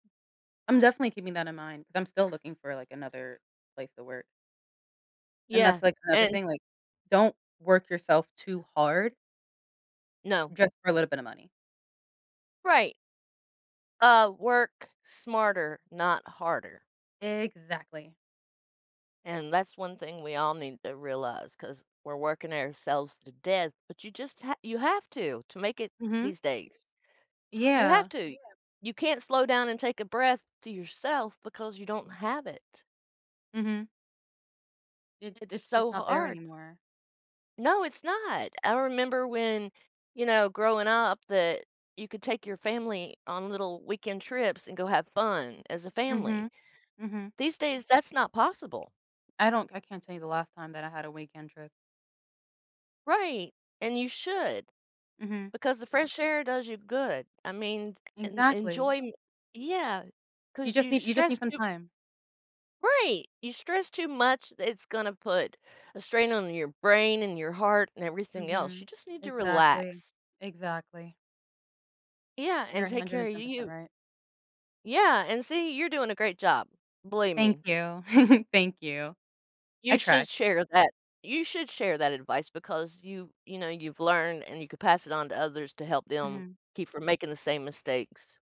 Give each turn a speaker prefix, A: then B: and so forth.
A: I'm definitely keeping that in mind, 'cause I'm still looking for, like, another place to work. And that's,
B: Yeah,
A: like, another
B: and
A: thing, like, don't work yourself too hard
B: No.
A: just for a little bit of money.
B: Right. Uh, work smarter, not harder.
A: Exactly.
B: And that's one thing we all need to realize 'cause we're working ourselves to death, but you just ha you have to, to make it
A: Mhm.
B: these days. You have
A: Yeah.
B: to. You can't slow down and take a breath to yourself because you don't have it.
A: Mhm. It
B: It's
A: it's
B: so
A: just not there
B: hard.
A: anymore.
B: No, it's not. I remember when, you know, growing up that you could take your family on little weekend trips and go have fun as a family.
A: Mhm, mhm.
B: These days, that's not possible.
A: I don't I can't tell you the last time that I had a weekend trip.
B: Right, and you should.
A: Mhm.
B: Because the fresh air does you good, I mean, en
A: Exactly.
B: enjoyme yeah.
A: You
B: 'Cause
A: just
B: you
A: need you just
B: stress
A: need some
B: too
A: time.
B: right! You stress too much, it's gonna put a strain on your brain, and your heart, and everything else,
A: Mhm.
B: you just need to
A: Exactly,
B: relax.
A: exactly.
B: Yeah,
A: You're
B: and
A: a
B: take
A: hundred
B: care
A: and
B: of
A: ten percent
B: you.
A: right.
B: Yeah, and see, you're doing a great job, believe
A: Thank
B: me.
A: you. Thank you.
B: You
A: I try.
B: should share that you should share that advice because you you know, you've learned and you could pass it on to others to help them
A: Mhm.
B: keep from making the same mistakes.